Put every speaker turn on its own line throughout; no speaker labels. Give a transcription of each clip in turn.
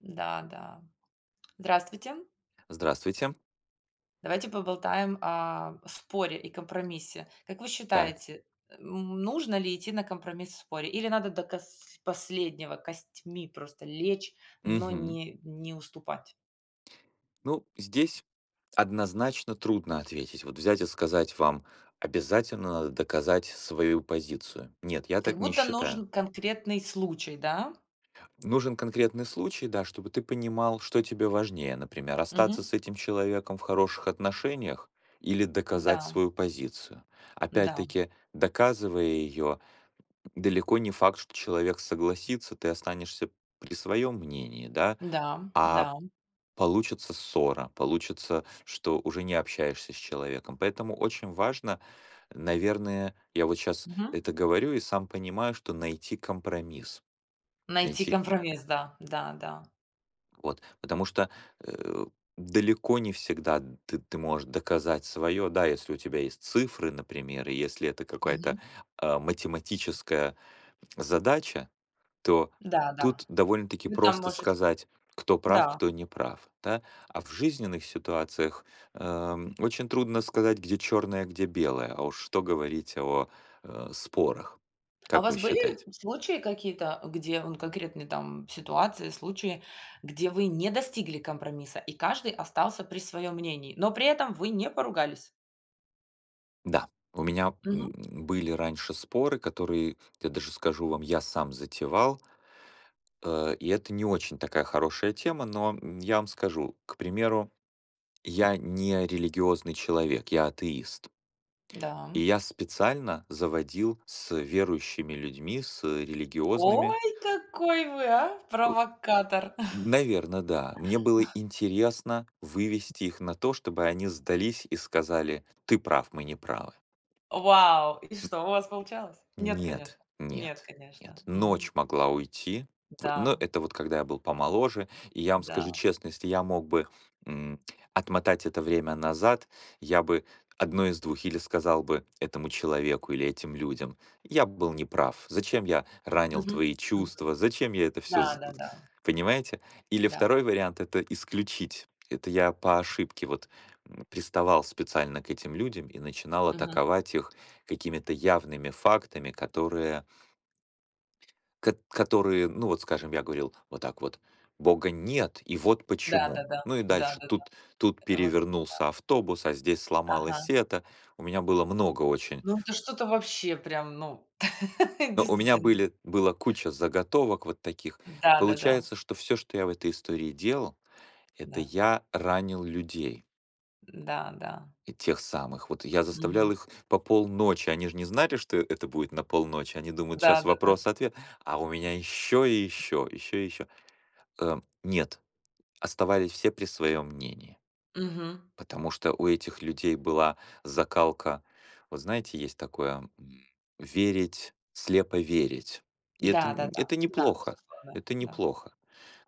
Да, да. Здравствуйте.
Здравствуйте.
Давайте поболтаем о споре и компромиссе. Как вы
Так.
считаете, э, м, нужно ли идти на компромисс в споре или надо до кос последнего костьми просто лечь, но
Мгм.
не не уступать?
Ну, здесь однозначно трудно ответить. Вот взять и сказать вам: "Обязательно надо доказать свою позицию". Нет, я
Как
так не
будто
считаю.
нужен конкретный случай, да?
Нужен конкретный случай, да, чтобы ты понимал, что тебе важнее. Например, остаться
Мгм.
с этим человеком в хороших отношениях или доказать
Да.
свою позицию.
Да.
Опять-таки, доказывая её, далеко не факт, что человек согласится, ты останешься при своём мнении, да,
Да,
а
да.
получится ссора, получится, что уже не общаешься с человеком, поэтому очень важно наверное, я вот щас
Мгм.
это говорю и сам понимаю, что найти компромисс.
Найти
Найти
компромисс, да. Да, да.
Вот, потому что, э, далеко не всегда ты ты можешь доказать своё, да, если у тебя есть цифры, например, и если это какая-то,
Мгм.
э, математическая задача, то
Да, да.
тут довольно-таки
Вы там
просто
можете
сказать, кто прав,
Да.
кто не прав, да. А в жизненных ситуациях, эм, очень трудно сказать, где чёрное, где белое, а уж что говорить о, э, спорах,
А у
как
вас
вы
были
считаете?
случаи какие-то, где, вон, конкретные, там, ситуации, случаи, где вы не достигли компромисса и каждый остался при своём мнении, но при этом вы не поругались?
Да, у меня,
Мгм.
м, были раньше споры, которые, я даже скажу вам, я сам затевал. Э, и это не очень такая хорошая тема, но я вам скажу, к примеру, я не религиозный человек. Я атеист.
Да.
И я специально заводил с верующими людьми, с религиозными
Ой, какой вы, а?
О,
Провокатор.
наверно, да. Мне было интересно вывести их на то, чтобы они сдались и сказали: "Ты прав, мы неправы".
Вау, и что, у вас получалось?
М
Нет,
Нет,
конечно, нет,
нет,
конечно,
нет.
мгм.
Ночь могла уйти, в но
Да.
это вот когда я был помоложе. И я вам скажу
Да.
честно, если я мог бы, м, отмотать это время назад, я бы одно из 2, или сказал бы этому человеку или этим людям: "Я был неправ, зачем я ранил
Мгм
твои
мгм.
чувства, зачем я это всё
Да
з э".
да да.
Понимаете? Или
Да.
2 вариант- это исключить. Это я по ошибке вот, м, приставал специально к этим людям и начинал
Мгм.
атаковать их какими-то явными фактами, которые к которые, ну, вот скажем, я говорил вот так вот: "Бога нет, и вот
Да,
почему".
да-да,
Ну и
да
дальше
да-да.
тут тут
Э, вот да,
перевернулся
э
автобус, а здесь
Ага.
сломалось это. У меня было много очень
Ну да что-то вообще прям, ну,
Но у меня
действительно.
были была куча заготовок вот таких.
Да да-да.
Получается, что всё, что я в этой истории делал, это
Да.
я ранил людей.
М-да, да.
И тех самых. Вот я
Мгм.
заставлял их по полночи, они ж не знали, что это будет на полночи, они думают: "Щас
Да-да-да.
вопрос-ответ". А у меня ещё и ещё, ещё и ещё. Эм, нет. Оставались все при своём мнении.
Мгм.
Потому что у этих людей была закалка. Вот знаете, есть такое, м, верить, слепо верить. И это нь
Да-да-да,
это
да,
неплохо,
безусловно,
это
да.
неплохо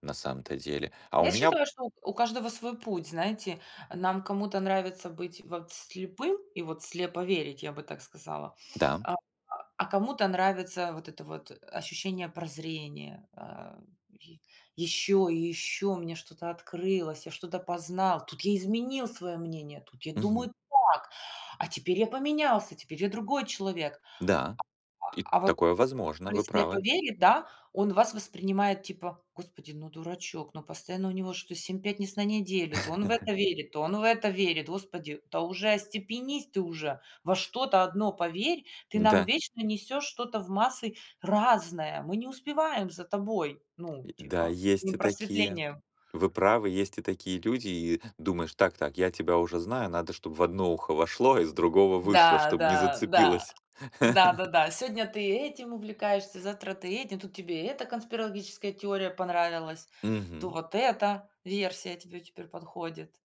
на самом-то деле. А у
Я
меня
считаю, что у у каждого свой путь, знаете. Нам кому-то нравится быть вот слепым и вот слепо верить, я бы так сказала.
Да.
А а а кому-то нравится вот это вот ощущение прозрения, э, и: "Ещё и ещё мне что-то открылось, я что-то познал. Тут я изменил своё мнение, тут я
Мгм.
думаю так, а теперь я поменялся. Теперь я другой человек".
Да, и
А, а вот ц
такое возможно,
кто и
вы
слепо
правы.
верит, да, он вас воспринимает, типа: "Господи, ну дурачок. Ну постоянно у него что-то семь пятниц на неделю: то он в это верит, то он в это верит. Господи, да уже остепенись ты уже. Во что-то одно поверь. Ты нам
М-да.
вечно несёшь что-то в массы разное. Мы не успеваем за тобой! Ну
И да,
типа, не
есть и такие.
просветлением".
Вы правы, есть и такие люди. И думаешь: "Так так, я тебя уже знаю, надо, чтоб в одно ухо вошло, из другого вышло,
Да,
чтоб не
да, да,
зацепилось".
да-да-да. Сегодня ты этим увлекаешься, завтра ты этим. Тут тебе и эта конспирологическая теория понравилась, то
Мгм.
вот эта версия тебе теперь подходит.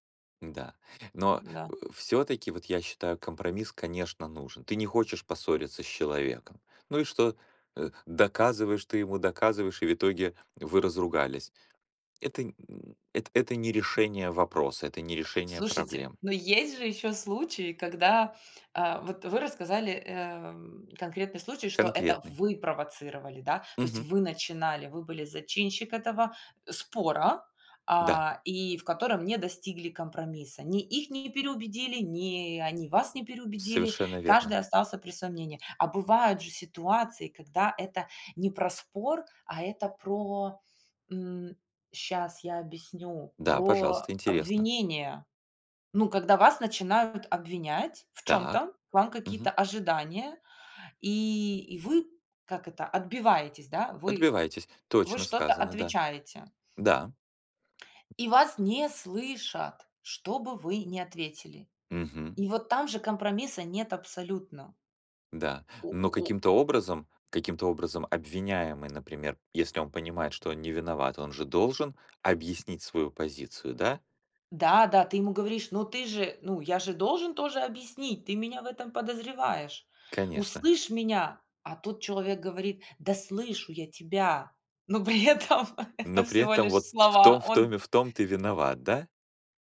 Н-да, но, э,
Да.
всё-таки, вот я считаю, компромисс, конечно, нужен. Ты не хочешь поссориться с человеком. Ну и что? Э, доказываешь ты ему, доказываешь, и в итоге вы разругались. Это нь это это не решение вопроса, это не решение
Слушайте,
проблем.
но есть же ещё случаи, когда, э, вот вы рассказали, эм, конкретный случай, что это
Конкретный.
вы провоцировали, да, то есть
Мгм.
вы начинали, вы были зачинщик этого, э, спора,
Да.
а, и в котором не достигли компромисса. Ни их не переубедили, ни они вас не переубедили.
Совершенно
Каждый
верно.
остался при своём мнении. А бывают же ситуации, когда это не про спор, а это про, м, щас я объясню,
Да,
про
пожалуйста, интересно.
обвинение. Ну, когда вас начинают обвинять в
Так,
чём-то, к вам
мгм.
какие-то ожидания, и и вы, как это, отбиваетесь, да, вы
Отбивайтесь.
вы
Точно
что-то
сказано, да.
отвечаете.
Да.
И вас не слышат, что бы вы ни ответили.
Мгм.
И вот там же компромисса нет абсолютно.
Да,
У
но
у
каким-то образом каким-то образом обвиняемый, например, если он понимает, что он не виноват, он же должен объяснить свою позицию, да?
Да, да, ты ему говоришь: "Ну ты же, ну, я же должен тоже объяснить. Ты меня в этом подозреваешь.
Конечно.
Услышь меня!" А тот человек говорит: "Да слышу я тебя". Но при этом- это
Но при
всего
этом
лишь
вот в
слова.
том, в
Он
том и в том ты виноват, да?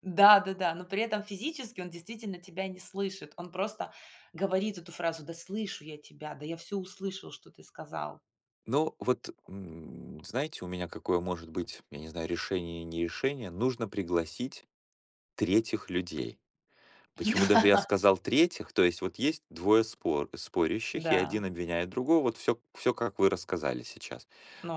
Да, да-да. Но при этом физически он действительно тебя не слышит. Он просто говорит эту фразу: "Да слышу я тебя. Да, я всё услышал, что ты сказал".
Ну, вот, м, знаете, у меня какое может быть, я не знаю, решение и не решение: нужно пригласить третьих людей. Почему даже я сказал третьих? То есть вот есть двое спор спорящих, и один
Да.
обвиняет другого, вот всё всё, как вы рассказали сейчас.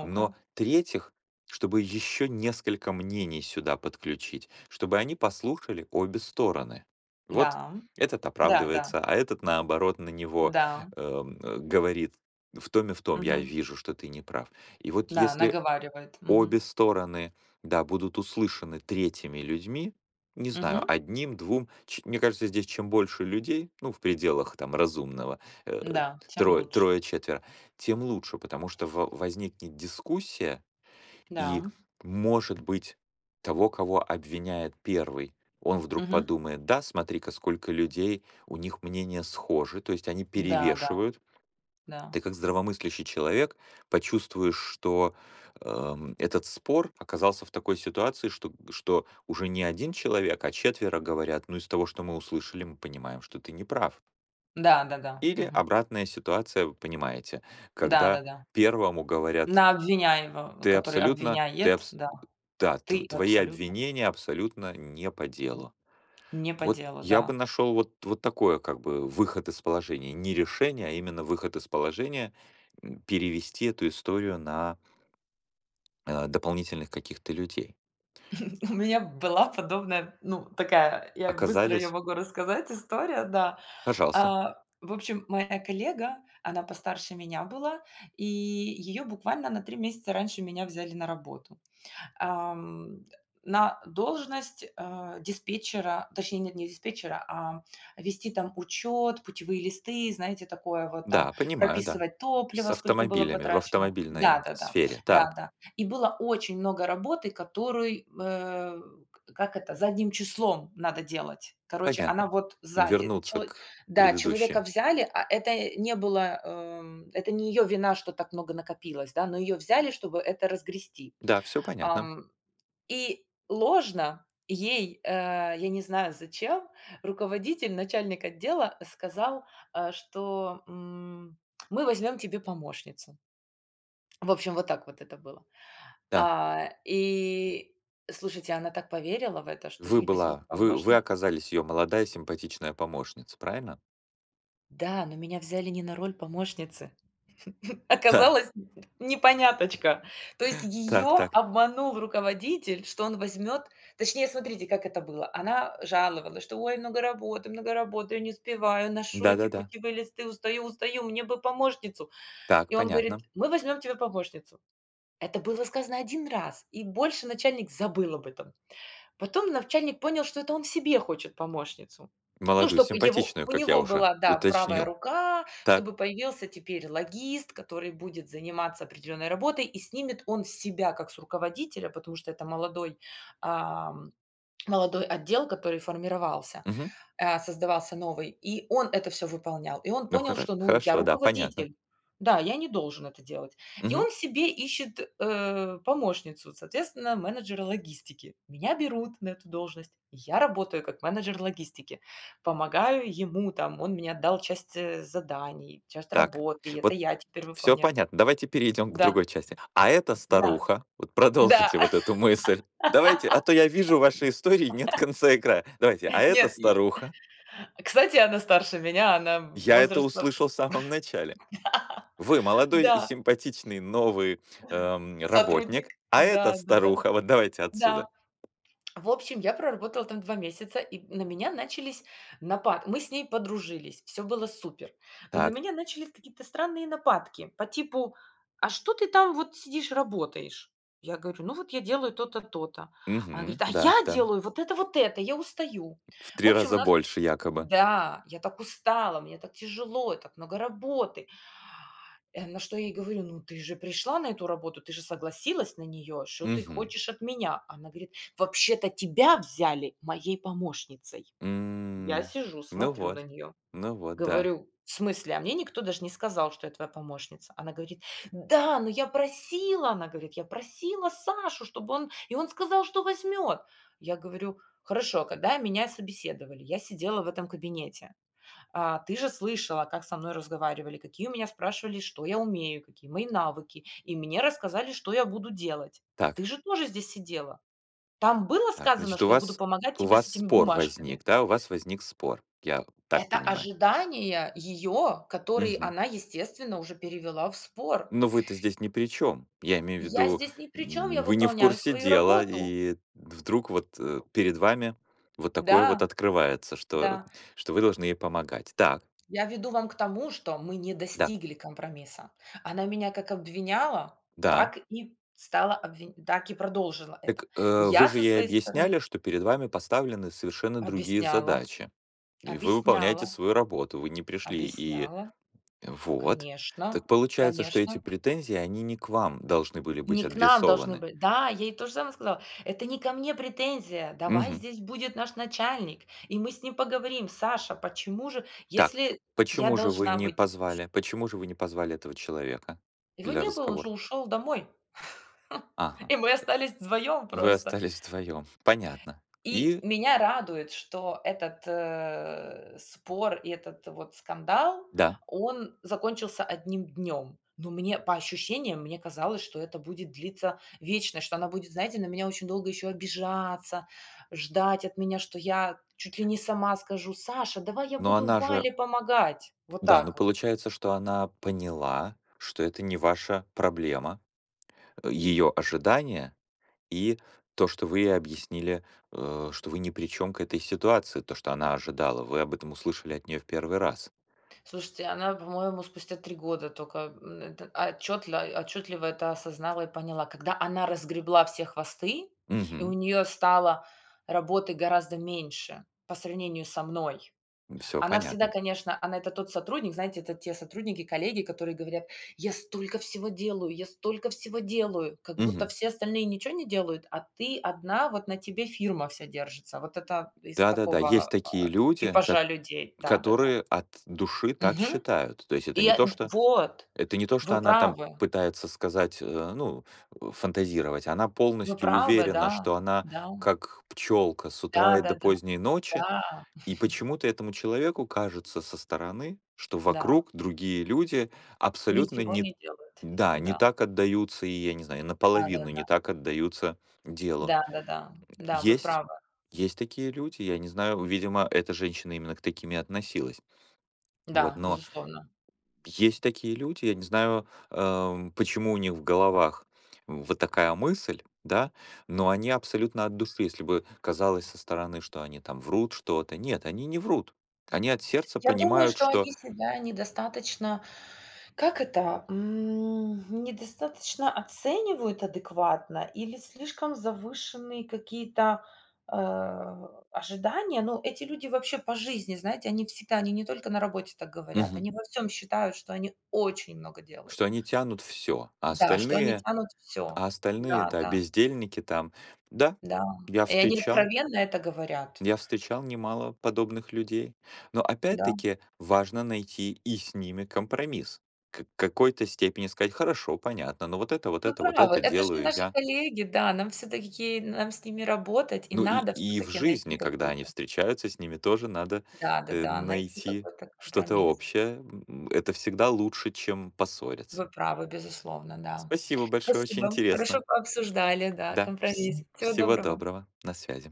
Но третьих, чтобы ещё несколько мнений сюда подключить, чтобы они послушали обе стороны. Вот,
Да, м.
этот
Да-да.
оправдывается, а этот, наоборот, на него,
Да.
эм, э, говорит: "В том и в том я
Мгм.
вижу, что ты неправ". И вот
Да,
если
наговаривает, мгм.
обе стороны, да, будут услышаны третьими людьми, не знаю,
Мгм.
1, 2 ч мне кажется, здесь чем больше людей, ну, в пределах там разумного, э, т
Да, тем
трое
лучш
трое, четверо, тем лучше. Потому что во возникнет дискуссия, и,
Да.
может быть, того, кого обвиняет 1, он вдруг
Мгм.
подумает: "Да, смотри-ка, сколько людей. У них мнения схожи, то есть они
Да, да.
перевешивают".
Да.
Ты как здравомыслящий человек почувствуешь, что, эм, этот спор оказался в такой ситуации, что что уже не 1 человек, четверо говорят, ну из того, что мы услышали, мы понимаем, что ты неправ.
Да, да-да.
Или
Мгм.
обратная ситуация, вы понимаете,
Да,
когда
да-да.
1 говорят
На обвиняемо э,
ты
который
абсолютно ты
обвиняет,
абс
да.
Да,
Ты
тв твои
абсолютно
обвинения абсолютно не по
М,
делу.
не по
Вот
делу,
я бы
да.
нашёл вот вот такое, как бы, выход из положения. Не решение, а именно выход из положения, м, перевести эту историю на э, дополнительных каких-то людей.
У меня была подобная, ну, такая, я быстро её
Оказались
могу рассказать история, да.
Пожалуйста.
А, в общем, моя коллега, она постарше меня была, и её буквально на 3 месяца раньше меня взяли на работу. Ам, на должность, а, диспетчера, точнее, нет, не диспетчера, а, вести там учёт, путевые листы, знаете, такое вот там,
Да, понимаю, да.
прописывать
С
топлива сколько было
автомобилями, в
потрачено. Да,
автомобильной
да-да.
сфере, так.
Да, да. И было очень много работы, которой, э, как это задним числом надо делать. Короче, она
Понятно.
вот сзади
Вернуться
челы
к
Да, человека
предыдущей.
взяли, а это, не было, э, м, это не её вина, что так много накопилось, да, но её взяли, чтобы это разгрести.
Да, всё понятно.
Ам, и ложно ей, э, я не знаю зачем, руководитель, начальник отдела, сказал, э, что, м: "Мы возьмём тебе помощницу". В общем, вот так вот это было.
Да.
А, и слушайте, она так поверила в это, что
Вы
ей возьмут
была вы вы
помощни
оказались её молодая симпатичная помощница, правильно?
Да, но меня взяли не на роль помощницы.
Так.
Оказалось, непоняточка. То есть
Так
её
так.
обманул руководитель, что он возьмёт, точнее, смотрите, как это было. Она жаловалась, что: "Ой, много работы, много работы, я не успеваю, ношу эти
Да-да-да.
путевые листы, устаю, устаю, мне бы помощницу".
Так,
И он говорит:
понятно.
"Мы возьмём тебе помощницу". Это было сказано 1 раз, и больше начальник забыл об этом. Потом начальник понял, что это он себе хочет помощницу. Ну,
Молодую,
чтоб его
симпатичную,
у
как я
него
уже
была, да, правая
уточнил.
рука, чтобы
Так.
появился теперь логист, который будет заниматься определенной работой и снимет он с себя как с руководителя, потому что это молодой, ам, молодой отдел, который формировался,
Мгм.
э, создавался новый, и он это всё выполнял. И он
Ну,
понял,
хоро
что, ну: "Я
хорошо, да, понятно.
руководитель. Да, я не должен это делать". И
Мгм.
он себе ищет, э, помощницу. Соответственно, менеджера логистики. Меня берут на эту должность. Я работаю как менеджер логистики. Помогаю ему, там, он мне отдал часть, э, заданий, часть
Так.
работы, это
Вот
я теперь
всё
выполняю
понятно. Давайте перейдём к
Да.
другой части. "А эта
Да,
старуха..."- вот
да.
продолжите вот эту мысль. Давайте, а то я вижу, в вашей истории нет конца и края. Давайте: "А эта
Нет и
старуха..."
Кстати, она старше меня. Она
Я это
возраста
услышал в самом начале. Вы молодой и
Да, да.
симпатичный новый, эм,
Сотрудник?
работник. "А это
Да, да-да.
старуха..."- вот давайте
Да.
отсюда.
В общем, я проработала там 2 месяца, и н на меня начались напа мы с ней подружились. Всё было супер. Но на
Так.
меня начались какие-то странные нападки. По типу: "А что ты там вот сидишь работаешь?" Я говорю: "Ну вот я делаю то-то, то-то". Она
Мгм,
говорит: "А
да,
я
да.
делаю вот это, вот это. Я устаю".
В
В
3
общем, у
раза
нас
больше якобы.
Да. "Я так устала, мне так тяжело, и так много работы". Э, на что я ей говорю: "Ну ты же пришла на эту работу. Ты же согласилась на неё. Что ты
Мгм.
хочешь от меня?" Она говорит: "Вообще-то тебя взяли моей помощницей". Я
М,
сижу,
ну
смотрю на
вот.
неё,
Ну вот, да.
говорю: "В смысле? А мне никто даже не сказал, что я твоя помощница". Она говорит: "Да, но я просила!- она говорит.- Я просила Сашу, чтобы он и он сказал, что возьмет". Я говорю: "Хорошо, когда меня собеседовали, я сидела в этом кабинете, а, ты же слышала, как со мной разговаривал: какие у меня, спрашивали, что я умею, какие мои навыки, и мне рассказали, что я буду делать. Ты
Так.
же тоже здесь сидела? Там было
Так,
сказано,
значит, у
что я буду
вас
помогать
у
тебе с
вас
этими
спор
бумажками?"
возник, да? У вас возник спор, я так
Это
понимаю.
ожидания её, которые
Мгм.
она, естественно, уже перевела в спор.
Но вы-то здесь ни при чём. Я имею в
"Я
виду,
здесь ни при чём, я
м, вы не в
выполняю
курсе
свою
дела,
работу".
и вдруг вот, э, перед вами вот такое вот
Да,
открывается, что
да.
что вы должны ей помогать. Так.
Я веду вам к тому, что мы не
Да.
достигли компромисса. Она меня как обвиняла,
Да.
так и стала обвинь так и продолжила это.
Так, э, вы
Я
же
со
ей
своей стороны
объясняли, что перед вами поставлены совершенно другие
Объясняла,
задачи. И вы выполняете
объясняла.
свою работу. Вы не пришли и
Объясняла.
Вот.
Конечно
Так получается, что эти
конечно.
претензии, они не к вам должны были быть
Не к нам должны
адресованы?
были Да, я ей то же самое сказала: "Это не ко мне претензия. Давай
Мгм.
здесь будет наш начальник и мы с ним поговорим. Саша, почему же,
Так,
если я
почему же вы
должна
не
быть". [unintelligible]
позвали почему же вы не позвали этого человека
Его
для
не было. Он же
разговора?
ушёл домой.
Ага,
И мы остались вдвоём
вы
просто.
остались вдвоём, понятно.
И
И?
меня радует, что этот, э, спор, и этот вот скандал,
Да.
он закончился одним днём. Но мне по ощущениям, мне казалось, что это будет длиться вечно, что она будет, знаете, на меня очень долго ещё обижаться, ждать от меня, что я чуть ли не сама скажу: "Саша, давай я
Но
буду
она же
Вале помогать". Вот
Да, но
так вот.
получается, что она поняла, что это не ваша проблема. Её ожидания и то, что вы ей объяснили, э, что вы ни при чём к этой ситуации, то, что она ожидала, вы об этом услышали от неё в 1 раз.
Слушайте, она, по-моему, спустя 3 года тока, м, это отчётла отчётливо это осознала и поняла. Когда она разгребла все хвосты и у
Мгм.
неё стало работы гораздо меньше по сравнению со мной.
Всё
Она всегда,
понятно.
конечно, она это тот сотрудник, знаете, это те сотрудники, коллеги, которые говорят: "Я столько всего делаю, я столько всего делаю". Как
Мгм.
будто все остальные ничего не делают, а ты одна, вот на тебе фирма вся держится. Вот это из
Да-да-да, есть
такого, а,
такие люди, кот
типажа людей, да-да-да.
которые от души так
Мгм.
считают. То есть это
И,
не
а,
то,
д
что
вот,
это не то, что
вы
она там
правы.
пытается сказать, э, ну, э, фантазировать. Она
Вы
полностью
правы,
уверена,
да,
что она
да.
как пчёлка с утра и до
Да-да-да,
поздней ночи.
да.
И почему-то этому человеку кажется со стороны, что
Да.
вокруг другие люди абсолютно
Ничего
не
не делают,
Да, не
да.
так отдаются и, я не знаю, наполовину не
Да-да-да.
так отдаются делу.
Да, да-да. Да, вы
Есть
правы.
есть такие люди, я не знаю, видимо, эта женщина именно к таким и относилась. Вот,
Да,
но
безусловно.
Есть такие люди, я не знаю, эм, почему у них в головах вот такая мысль, да, но они абсолютно от души. Если бы казалось со стороны, что они там врут что-то. Нет, они не врут. Они от сердца
Я думаю,
понимают,
что
что
они себя недостаточно, как это, м, м, недостаточно оценивают адекватно или слишком завышенные какие-то, э, ожидания. Но эти люди вообще по жизни, знаете, они всегда, они не только на работе так говорят,
Мгм.
они во всём считают, что они очень много делают.
Что они тянут всё, а
Да, что они
остальные
тянут всё.
а остальные,
Да,
да,
да.
бездельники там. Да,
Да.
я
И они
встречал
откровенно это говорят.
я встречал немало подобных людей. Но
Да.
опять-таки важно найти и с ними компромисс. К какой-то степени сказать: "Хорошо, понятно, но вот это, вот
Вы
это, вот
правы.
это-
Это же
делаю
наши
я".
коллеги, да. Нам всё-таки ки нам с ними работать. И
Ну и
надо
и в
всё-таки найти
жизни, когда они
какой-то
встречаются, с ними тоже надо,
Да,
э,
да-да. Найти
найти
какой-то
что-то
компромисс.
общее, м, м, это всегда лучше, чем
Вы
поссориться.
правы, безусловно, да.
Спасибо большое. Очень
Спасибо.
интересно.
Хорошо пообсуждали, да,
Да. Вс
компромисс. Всего
всего
доброго.
доброго. На связи.